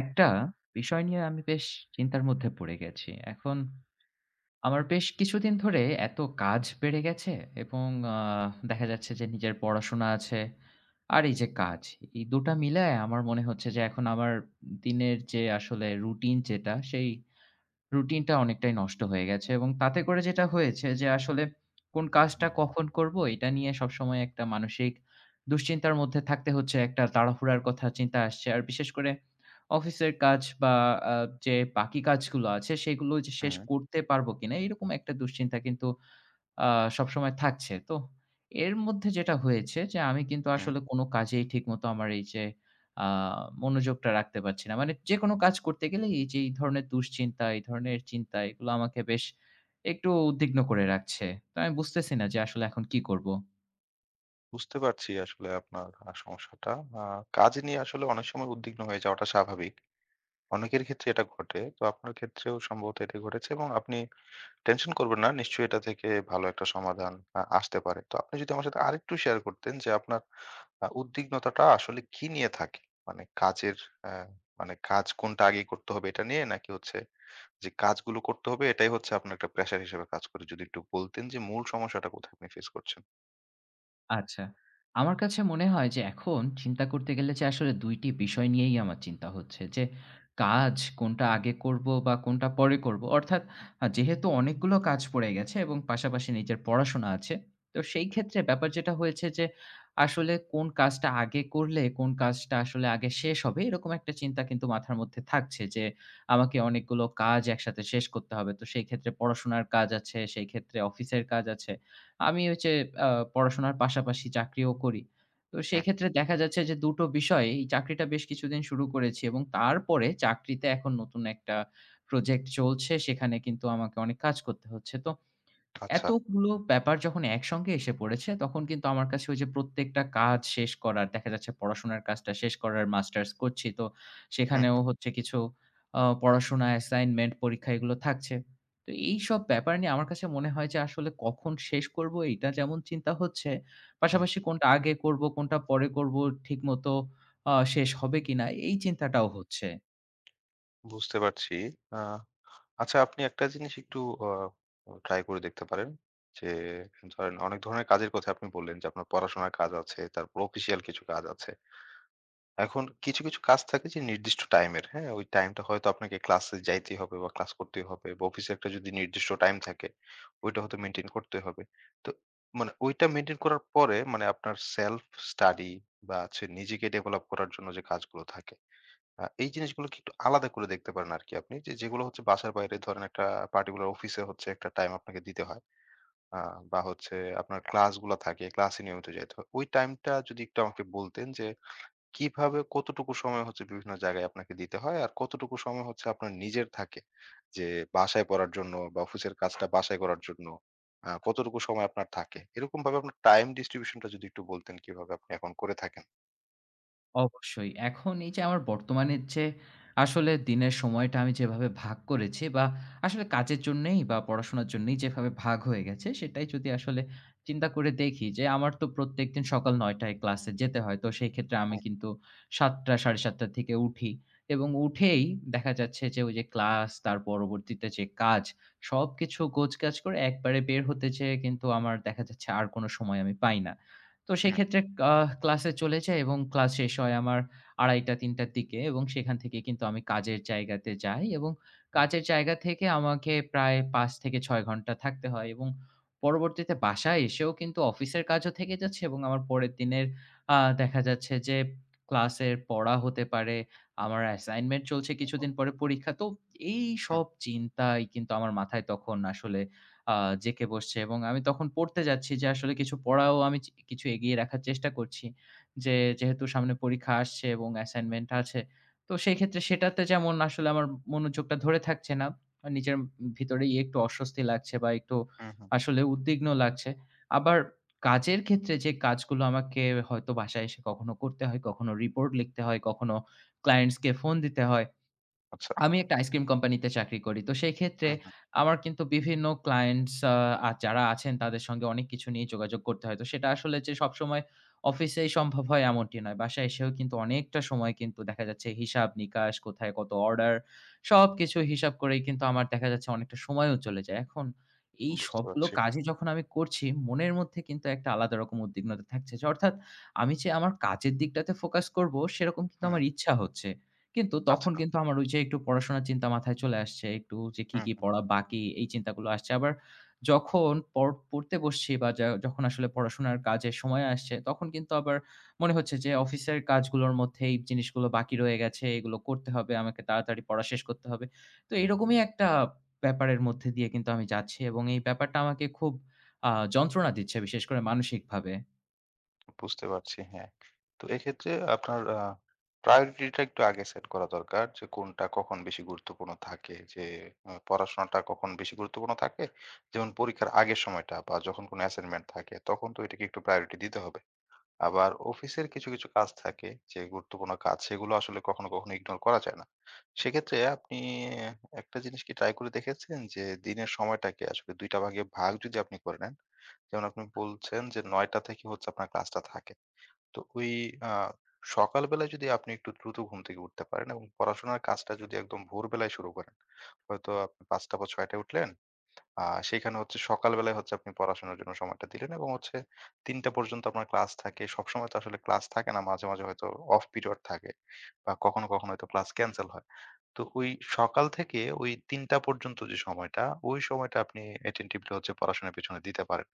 একটা বিষয় নিয়ে আমি বেশ চিন্তার মধ্যে পড়ে গেছি। এখন আমার বেশ কিছুদিন ধরে এত কাজ বেড়ে গেছে এবং আ দেখা যাচ্ছে যে নিজের পড়াশোনা আছে আর এই যে কাজ, এই দু'টা মিলায় আমার মনে হচ্ছে যে এখন আমার দিনের যে আসলে routine যেটা সেই routine টা অনেকটাই নষ্ট হয়ে গেছে এবং তাতে করে যেটা হয়েছে যে আসলে কোন কাজটা কখন করব এটা নিয়ে সব সময় একটা মানসিক দুশ্চিন্তার মধ্যে থাকতে হচ্ছে। একটা তাড়াহুড়ার কথা চিন্তা আসছে। আর বিশেষ করে অফিসের কাজ বা যে বাকি কাজগুলো আছে সেগুলো যে শেষ হুম। করতে পারব কিনা এরকম একটা দুশ্চিন্তা কিন্তু আ সবসময় থাকছে। তো এর মধ্যে যেটা হয়েছে যে আমি কিন্তু হুম। আসলে কোন কাজেই ঠিকমতো আমার এই যে আ মনোযোগটা রাখতে পারছি না। মানে যেকোনো কাজ করতে গেলেই এই যে, এই ধরনের দুশ্চিন্তা, এই ধরনের চিন্তা এগুলো আমাকে বেশ একটু উদ্বিগ্ন করে রাখছে। তো আমি বুঝতেছি না যে আসলে এখন কি করব। বুঝতে পারছি আসলে আপনার সমস্যাটা। আ কাজ নিয়ে আসলে অনেক সময় উদ্বিগ্ন হয়ে যাওয়াটা স্বাভাবিক। অনেকের ক্ষেত্রে এটা ঘটে। তো আপনার ক্ষেত্রেও সম্ভবত এটা ঘটেছে এবং আপনি tension করবেন না। নিশ্চয়ই এটা থেকে ভালো একটা সমাধান আ আসতে পারে। তো আপনি যদি আমার সাথে আর একটু share করতেন যে আপনার উদ্বিগ্নতাটা আসলে কী নিয়ে থাকে? মানে কাজের অ্যা মানে কাজ কোনটা আগেই করতে হবে এটা নিয়ে? নাকি হচ্ছে যে কাজগুলো করতে হবে এটাই হচ্ছে আপনার একটা pressure হিসেবে কাজ করে। যদি একটু বলতেন যে মূল সমস্যাটা কোথায় আপনি face করছেন? আচ্ছা, আমার কাছে মনে হয় যে এখন চিন্তা করতে গেলে যে আসলে ২ টি বিষয় নিয়েই আমার চিন্তা হচ্ছে যে কাজ কোনটা আগে করব বা কোনটা পরে করব। অর্থাৎ যেহেতু অনেকগুলো কাজ পড়ে গেছে এবং পাশাপাশি নিজের পড়াশোনা আছে। তো সেই ক্ষেত্রে ব্যাপার যেটা হয়েছে যে, আসলে কোন কাজটা আগে করলে কোন কাজটা আসলে আগে শেষ হবে এরকম একটা চিন্তা কিন্তু মাথার মধ্যে থাকছে যে আমাকে অনেকগুলো কাজ একসাথে শেষ করতে হবে। তো সেই ক্ষেত্রে পড়াশোনার কাজ আছে, সেই ক্ষেত্রে অফিসের কাজ আছে। আমি ওই যে আ পড়াশোনার পাশাপাশি চাকরিও করি। তো সেই হুম। ক্ষেত্রে দেখা যাচ্ছে যে ২ টো বিষয়ে এই চাকরিটা বেশ কিছুদিন শুরু করেছি এবং তারপরে চাকরিতে এখন নতুন একটা project চলছে। সেখানে কিন্তু আমাকে অনেক কাজ করতে হচ্ছে। তো আচ্ছা। এতগুলো ব্যাপার যখন একসঙ্গে এসে পড়েছে তখন কিন্তু আমার কাছে ওই যে প্রত্যেকটা কাজ শেষ করার, দেখা যাচ্ছে পড়াশোনার কাজটা শেষ করার, Masters করছি তো হুম, সেখানেও হু। হচ্ছে কিছু অ পড়াশোনা, assignment, পরীক্ষা এগুলো থাকছে। তো এইসব ব্যাপার নিয়ে আমার কাছে মনে হয় যে আসলে কখন শেষ করব এইটা যেমন চিন্তা হচ্ছে, হুম। পাশাপাশি কোনটা আগে করব কোনটা পরে করব ঠিকমতো আ শেষ হবে কিনা এই চিন্তাটাও হচ্ছে। বুঝতে পারছি। আ আচ্ছা আপনি একটা জিনিস একটু অ try করে দেখতে পারেন। যে ধরেন অনেক ধরনের কাজের কথা আপনি বললেন যে আপনার পড়াশোনার কাজ আছে তারপর official কিছু কাজ আছে। এখন কিছু, কিছু, কাজ থাকে যে নির্দিষ্ট time এর, হ্যাঁ? ওই time টা হয়তো আপনাকে class এ যাইতেই হবে বা class করতেই হবে বা office একটা যদি নির্দিষ্ট time থাকে ওইটা হয়তো maintain করতেই হবে। তো মানে ওইটা maintain করার পরে মানে আপনার self study বা হচ্ছে নিজেকে develop করার জন্য যে কাজগুলো থাকে আ এই জিনিসগুলোকে একটু আলাদা করে দেখতে পারেন আরকি আপনি। যে যেগুলো হচ্ছে বাসার বাইরে ধরেন একটা particular office এ হচ্ছে একটা time আপনাকে দিতে হয় আ বা হচ্ছে আপনার class গুলা থাকে class এ নিয়মিত যাইতে হয়। ওই time টা যদি একটু আমাকে বলতেন যে, কিভাবে কতটুকু সময় হচ্ছে বিভিন্ন জায়গায় আপনাকে দিতে হয় আর কতটুকু সময় হচ্ছে আপনার নিজের থাকে? যে বাসায় পড়ার জন্য বা office এর কাজটা বাসায় করার জন্য, আ কতটুকু সময় আপনার থাকে? এরকমভাবে আপনার time distribution টা যদি একটু বলতেন কিভাবে আপনি এখন করে থাকেন? অবশ্যই, এখন এই যে আমার বর্তমানের যে আসলে দিনের সময়টা আমি যেভাবে ভাগ করেছি। বা আসলে কাজের জন্যেই বা পড়াশোনার জন্যেই যেভাবে ভাগ হয়ে গেছে সেটাই যদি আসলে চিন্তা করে দেখি যে আমার তো প্রত্যেকদিন সকাল ৯ টায় ক্লাসে যেতে হয়। তো সেই ক্ষেত্রে আমি হ্যাঁ। কিন্তু ৭:০০-৭:৩০ থেকে উঠি এবং উঠেই দেখা যাচ্ছে যে ওই যে ক্লাস তার পরবর্তীতে যে কাজ। সবকিছু গোছগাছ করে একবারে বের হতে চেয়ে কিন্তু আমার দেখা যাচ্ছে আর কোন সময় আমি পাই না। তো সেই হ্যাঁ। ক্ষেত্রে আ ক্লাসে চলে যাই এবং ক্লাস শেষ হয় আমার ২:৩০-৩:০০ র দিকে এবং সেখান থেকে কিন্তু আমি কাজের জায়গাতে যাই এবং হুম। কাজের জায়গা থেকে আমাকে প্রায় ৫-৬ ঘণ্টা থাকতে হয়। এবং পরবর্তীতে বাসায় এসেও কিন্তু অফিসের কাজও থেকে যাচ্ছে এবং আমার পরের দিনের আ দেখা যাচ্ছে যে ক্লাসের পড়া হতে পারে, আমার assignment চলছে কিছুদিন পরে পরীক্ষা। তো এই আ সব চিন্তাই কিন্তু আমার মাথায় তখন আসলে আ জেকে বসছে এবং আমি তখন পড়তে যাচ্ছি যে আসলে কিছু পড়াও আমি চি কিছু এগিয়ে রাখার চেষ্টা করছি। যে যেহেতু সামনে পরীক্ষা আসছে এবং assignment আছে তো সেই ক্ষেত্রে সেটাতে যেমন আসলে আমার মনোযোগটা ধরে থাকছে না। নিজের ভিতরেই একটু অস্বস্তি লাগছে বা একটু হু, হু। আসলে উদ্বিগ্ন লাগছে। আবার কাজের ক্ষেত্রে যে কাজগুলো আমাকে হয়তো বাসায় এসে কখনো করতে হয়, কখনো report লিখতে হয়, কখনো clients কে phone দিতে হয়। আচ্ছা। আমি একটা ice cream company তে চাকরি করি। তো সেই ক্ষেত্রে হু, হু। আমার কিন্তু বিভিন্ন clients আ যারা আছেন তাদের সঙ্গে অনেক কিছু নিয়ে যোগাযোগ করতে হয়। তো সেটা আসলে যে সবসময় office এ সম্ভব হয় এমনটি নয়। বাসায় এসেও কিন্তু অনেকটা সময় কিন্তু দেখা যাচ্ছে, হিসাব নিকাশ কোথায় কত order সবকিছু হিসাব করেই কিন্তু আমার দেখা যাচ্ছে অনেকটা সময়ও চলে যায়। এখন এই বুঝতে সবগুলো পারছি। কাজই যখন আমি করছি মনের মধ্যে কিন্তু একটা আলাদা রকম উদ্বিগ্নতা থাকছে। অর্থাৎ আমি যে আমার কাজের দিকটাতে focus করব সেরকম কিন্তু হুম। আমার ইচ্ছা হচ্ছে। কিন্তু তখন আচ্ছা। কিন্তু আমার ওই যে একটু পড়াশোনার চিন্তা মাথায় চলে আসছে, একটু যে কি, হু, কি, হু। পড়া বাকি এই চিন্তাগুলো আসছে। আবার যখন পর পড়তে বসছি বা যা যখন আসলে পড়াশোনার কাজের সময় আসছে তখন কিন্তু আবার মনে হচ্ছে যে office এর কাজগুলোর মধ্যে এই জিনিসগুলো বাকি রয়ে গেছে, এগুলো করতে হবে, আমাকে তাড়াতাড়ি পড়া শেষ করতে হবে। তো এরকমই একটা ব্যাপারের মধ্যে দিয়ে কিন্তু আমি যাচ্ছি এবং এই ব্যাপারটা আমাকে খুব আ যন্ত্রণা দিচ্ছে বিশেষ করে মানসিকভাবে। বুঝতে পারছি হ্যাঁ। তো এক্ষেত্রে আপনার আ priority টা একটু আগে set করা দরকার যে কোনটা কখন বেশি গুরুত্বপূর্ণ থাকে। যে আ পড়াশোনাটা কখন বেশি গুরুত্বপূর্ণ থাকে যেমন পরীক্ষার আগের সময়টা বা যখন কোন assignment থাকে তখন তো এটাকে একটু priority দিতে হবে। আবার অফিসের কিছু, কিছু কাজ থাকে যে গুরুত্বপূর্ণ কাজ সেগুলো আসলে কখনো কখনো ignore করা যায় না। সেক্ষেত্রে আপনি অ্যা একটা জিনিস কি try করে দেখেছেন যে, দিনের সময়টাকে আসলে ২ টা ভাগে ভাগ যদি আপনি করে নেন। যেমন আপনি বলছেন যে ৯ টা থেকে হচ্ছে আপনার class টা থাকে। তো ওই আ সকালবেলায় যদি আপনি একটু দ্রুত ঘুম থেকে উঠতে পারেন এবং পড়াশোনার কাজটা যদি একদম ভোরবেলায় শুরু করেন। হয়তো আপনি ৫ টা বা ৬ টায় উঠলেন, আ সেইখানে হচ্ছে সকালবেলায় হচ্ছে আপনি পড়াশোনার জন্য সময়টা দিলেন। এবং হচ্ছে ৩ টা পর্যন্ত আপনার class থাকে, সবসময় তো আসলে class থাকে না, মাঝে, মাঝে হয়তো off period থাকে বা কখনো কখনো হয়তো class cancel হয়। তো ওই সকাল থেকে ওই ৩ টা পর্যন্ত যে সময়টা, ওই সময়টা আপনি attentively হচ্ছে পড়াশোনার পিছনে দিতে পারেন,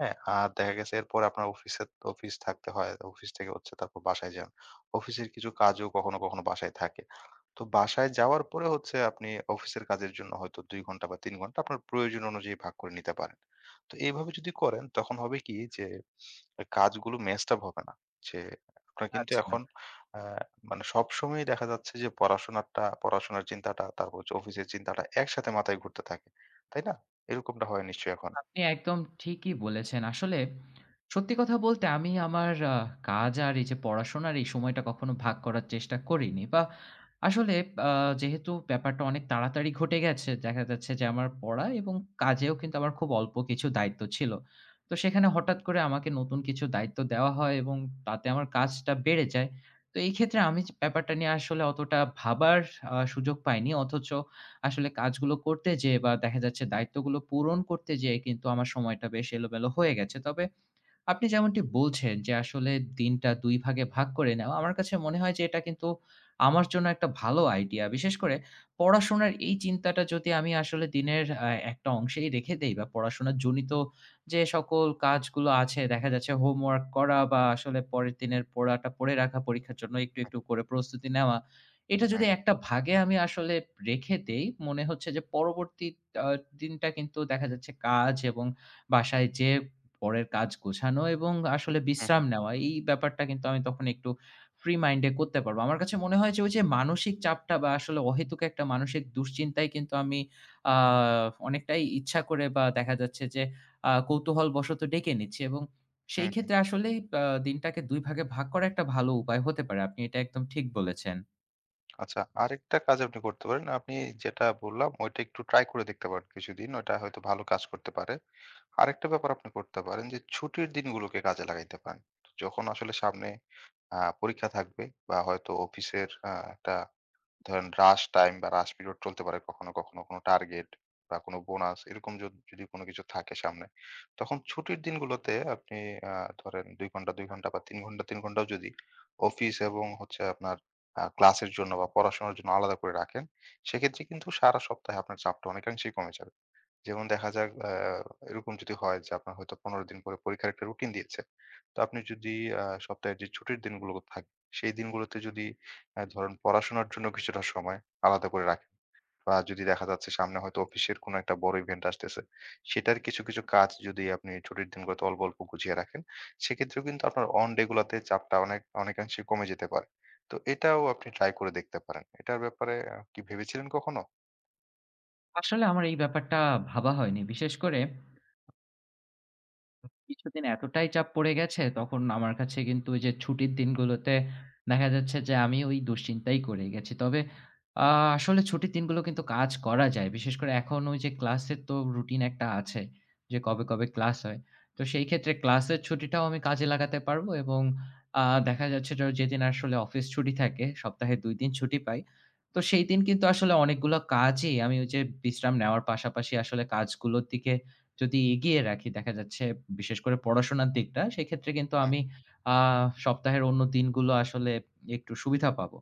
হ্যাঁ? আর দেখা গেছে এরপর আপনার অফিসে office থাকতে হয়, অফিস থেকে হচ্ছে তারপর বাসায় যান। অফিসের কিছু কাজও কখনো কখনো বাসায় থাকে। তো বাসায় যাওয়ার পরে হচ্ছে আপনি অফিসের কাজের জন্য হয়তো ২ ঘণ্টা বা ৩ ঘণ্টা আপনার প্রয়োজন অনুযায়ী ভাগ করে নিতে পারেন। তো এভাবে যদি করেন তখন হবে কি যে এ কাজগুলো mess up হবে না। যে আপনার কিন্তু আচ্ছা। এখন অ্যা মানে সবসময়ই দেখা যাচ্ছে যে পড়াশোনাটা, পড়াশোনার চিন্তাটা তারপর হচ্ছে অফিসের চিন্তাটা একসাথে মাথায় ঘুরতে থাকে, তাই না? এরকমটা হয় নিশ্চয়ই এখন? আপনি একদম ঠিকই বলেছেন। আসলে সত্যি কথা বলতে আমি আমার আ কাজ আর এই যে পড়াশোনার এই সময়টা কখনো ভাগ করার চেষ্টা করিনি। বা আসলে আ যেহেতু ব্যাপারটা অনেক তাড়াতাড়ি ঘটে গেছে, দেখা যাচ্ছে যে আমার পড়া এবং কাজেও কিন্তু আমার খুব অল্প কিছু দায়িত্ব ছিল। তো সেখানে হঠাৎ করে আমাকে নতুন কিছু দায়িত্ব দেওয়া হয় এবং তাতে আমার কাজটা বেড়ে যায়। তো এই ক্ষেত্রে আমি যে ব্যাপারটা নিয়ে আসলে অতটা ভাবার আ সুযোগ পাইনি। অথচ আসলে কাজগুলো করতে যেয়ে বা দেখা যাচ্ছে দায়িত্বগুলো পূরণ করতে যেয়ে কিন্তু আমার সময়টা বেশ এলোমেলো হয়ে গেছে। তবে আপনি যেমনটি বলছেন যে আসলে দিনটা ২ ভাগে ভাগ করে নেওয়া। আমার কাছে মনে হয় যে এটা কিন্তু আমার জন্য একটা ভালো আইডিয়া। বিশেষ করে পড়াশোনার এই চিন্তাটা যদি আমি আসলে দিনের আ একটা অংশেই রেখে দেই, বা পড়াশোনা জনিত যে সকল কাজগুলো আছে দেখা যাচ্ছে হোমওয়ার্ক করা বা আসলে পরের দিনের পড়াটা পড়ে রাখা, পরীক্ষার জন্য একটু, আ একটু করে প্রস্তুতি নেওয়া। এটা যদি হুম। একটা ভাগে আমি আসলে রেখে দেই মনে হচ্ছে যে পরবর্তী আ দিনটা কিন্তু দেখা যাচ্ছে কাজ এবং বাসায় যেয়ে পরের কাজ গোছানো এবং আসলে হু, হু। বিশ্রাম নেওয়া, এই ব্যাপারটা কিন্তু আমি তখন একটু ফ্রি মাইন্ডে করতে পারব। আমার কাছে মনে হয় যে ওই যে মানসিক চাপটা বা আসলে অহেতুক একটা মানসিক দুশ্চিন্তায় কিন্তু আমি আ অনেকটাই ইচ্ছা করে বা দেখা যাচ্ছে যে আ কৌতূহলবশত ডেকে এনেছি। এবং হু, সেই হু। ক্ষেত্রে আসলেই আ দিনটাকে ২ ভাগে ভাগ করা একটা ভালো উপায় হতে পারে। আপনি এটা একদম ঠিক বলেছেন। আচ্ছা, আরেকটা কাজ আপনি করতে পারেন। আপনি যেটা বললাম ওইটা একটু try করে দেখতে পারেন কিছুদিন। ওইটা হয়তো ভালো কাজ করতে পারে। আরেকটা ব্যাপার আপনি করতে পারেন যে ছুটির দিনগুলোকে কাজে লাগাইতে পারেন। যখন আসলে সামনে আ পরীক্ষা থাকবে বা হয়তো অফিসের আ একটা ধরেন rush time বা rush period চলতে পারে কখনো, কখনো। কোনো target বা কোনো bonus এরকম যদ যদি কোনো কিছু থাকে সামনে, তখন ছুটির দিনগুলোতে আপনি আ ধরেন ২ ঘণ্টা, ২ ঘণ্টা বা ৩ ঘণ্টা, ৩ ঘণ্টাও যদি অফিস এবং হচ্ছে আপনার আ class এর জন্য বা অনেরোপড়াশোনার জন্য আলাদা করে রাখেন, সেক্ষেত্রে কিন্তু সারা সপ্তাহে আপনার চাপটা অনেকাংশেই কমে যাবে। যেমন দেখা যাক অ্যা এরকম যদি হয় যে আপনার হয়তো ১৫ দিন পরে পরীক্ষার একটা routine দিয়েছে। তো আপনি যদি আ সপ্তাহে যে ছুটির দিনগুলো থাকে, সেই দিনগুলোতে যদি অ্যা ধরেন পড়াশোনার জন্য কিছুটা সময় আলাদা করে রাখেন। বা যদি দেখা যাচ্ছে সামনে হয়তো অফিসের কোনো একটা বড় event আসতেছে, সেটার কিছু, কিছু কাজ যদি আপনি ছুটির দিনগুলোতে অল্প, অল্প গুছিয়ে রাখেন, সেক্ষেত্রেও কিন্তু আপনার one day গুলোতে চাপটা অনেক অনেকাংশে কমে যেতে পারে। তো এটাও আপনি try করে দেখতে পারেন। এটার ব্যাপারে আ কি ভেবেছিলেন কখনো? আসলে আমার এই ব্যাপারটা ভাবা হয়নি। বিশেষ করে কিছুদিন এতটাই চাপ পড়ে গেছে তখন আমার কাছে কিন্তু ওই যে ছুটির দিনগুলোতে দেখা যাচ্ছে যে আমি ওই দুশ্চিন্তাই করে গেছি। তবে আ আসলে ছুটির দিনগুলো কিন্তু কাজ করা যায়। বিশেষ করে এখন ওই যে ক্লাসের তো রুটিন একটা আছে যে কবে, কবে ক্লাস হয়। তো সেই ক্ষেত্রে ক্লাসের ছুটিটাও আমি কাজে লাগাতে পারব এবং আ দেখা যাচ্ছে যে ওই যেদিন আসলে অফিস ছুটি থাকে, সপ্তাহে ২ দিন ছুটি পাই। তো সেই দিন কিন্তু আসলে অনেকগুলা কাজই আমি ওই যে বিশ্রাম নেওয়ার পাশাপাশি আসলে কাজগুলোর দিকে যদি এগিয়ে রাখি, দেখা যাচ্ছে বিশেষ করে পড়াশোনার দিকটা, সেক্ষেত্রে কিন্তু হু। আমি আ সপ্তাহের অন্য দিনগুলো আসলে একটু সুবিধা পাব।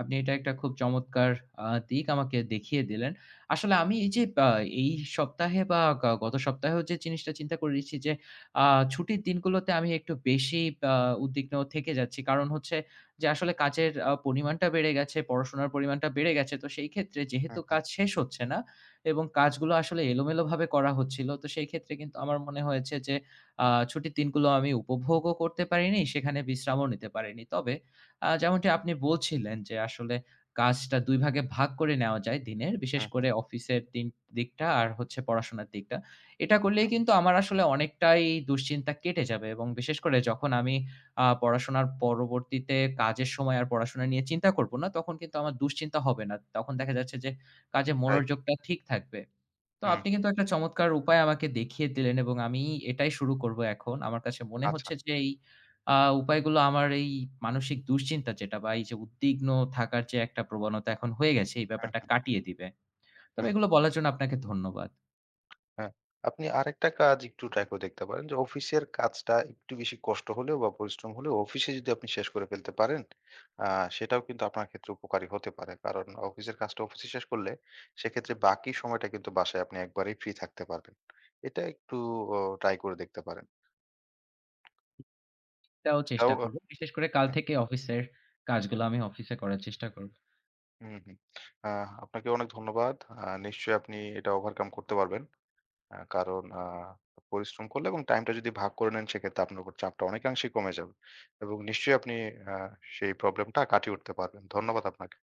আপনি এটা একটা খুব চমৎকার আ দিক আমাকে দেখিয়ে দিলেন। আসলে আমি এই যে আ এই সপ্তাহে বা গা গত সপ্তাহেও যে জিনিসটা চিন্তা করে রেখেছি যে আ ছুটির দিনগুলোতে আমি একটু বেশিই আ উদ্বিগ্ন থেকে যাচ্ছি। কারণ হচ্ছে যে আসলে কাচের আ পরিমাণটা বেড়ে গেছে, পড়াশোনার পরিমাণটা বেড়ে গেছে। তো সেই ক্ষেত্রে হু, যেহেতু হু। কাজ শেষ হচ্ছে না, এবং কাজগুলো আসলে এলোমেলোভাবে করা হচ্ছিল, তো সেই ক্ষেত্রে কিন্তু আমার মনে হয়েছে যে আ ছুটির দিনগুলো আমি উপভোগও করতে পারিনি, সেখানে বিশ্রামও নিতে পারিনি। তবে আ যেমনটি আপনি বলছিলেন যে আসলে কাজটা ২ ভাগে ভাগ করে নেওয়া যায় দিনের। বিশেষ হু, করে হু। অফিসের দিন দিকটা আর হচ্ছে পড়াশোনার দিকটা। এটা করলেই হু। কিন্তু আমার আসলে অনেকটাই দুশ্চিন্তা কেটে যাবে এবং বিশেষ করে যখন আমি আ পড়াশোনার পরবর্তীতে কাজের সময় আর পড়াশোনা নিয়ে চিন্তা করব না, তখন কিন্তু আমার দুশ্চিন্তা হবে না। তখন দেখা যাচ্ছে যে কাজে রাইট। মনোযোগটা ঠিক থাকবে। তো হু, আপনি হু। কিন্তু একটা চমৎকার উপায় আমাকে দেখিয়ে দিলেন এবং আমি এটাই শুরু করব এখন। আমার কাছে মনে আচ্ছা। হচ্ছে যে এই আ উপায়গুলো আমার এই মানসিক দুশ্চিন্তা যেটা বা এই যে উদ্বিগ্ন থাকার যে একটা প্রবণতা এখন হয়ে গেছে, এই হু, ব্যাপারটা হু। কাটিয়ে দিবে। তবে হু। এগুলো বলার জন্য আপনাকে ধন্যবাদ। হ্যাঁ। আপনি আরেকটা কাজ একটু try করে দেখতে পারেন। যে অফিসের কাজটা একটু বেশি কষ্ট হলেও বা পরিশ্রম হলেও অফিসে যদি আপনি শেষ করে ফেলতে পারেন, আ সেটাও কিন্তু আপনার ক্ষেত্রে উপকারী হতে পারে। কারণ অফিসের কাজটা অফিসে শেষ করলে সেক্ষেত্রে বাকি সময়টা কিন্তু বাসায় আপনি একবারেই free থাকতে পারবেন। এটা একটু ও try করে দেখতে পারেন। তাও চেষ্টা যাওগা করব। বিশেষ করে কাল হ্যাঁ। থেকে অফিসের কাজগুলো আমি অফিসে করার চেষ্টা করবো। হু, হু। আ আপনাকেও অনেক ধন্যবাদ। আ নিশ্চয়ই আপনি এটা overcome করতে পারবেন। অ্যা কারণ আ পরিশ্রম করলে এবং টাইমটা যদি ভাগ করে নেন, সেক্ষেত্রে আপনার উপর চাপটা অনেকাংশেই কমে যাবে। এবং নিশ্চয়ই আপনি অ্যা সেই problem টা কাটিয়ে উঠতে পারবেন। ধন্যবাদ আপনাকে।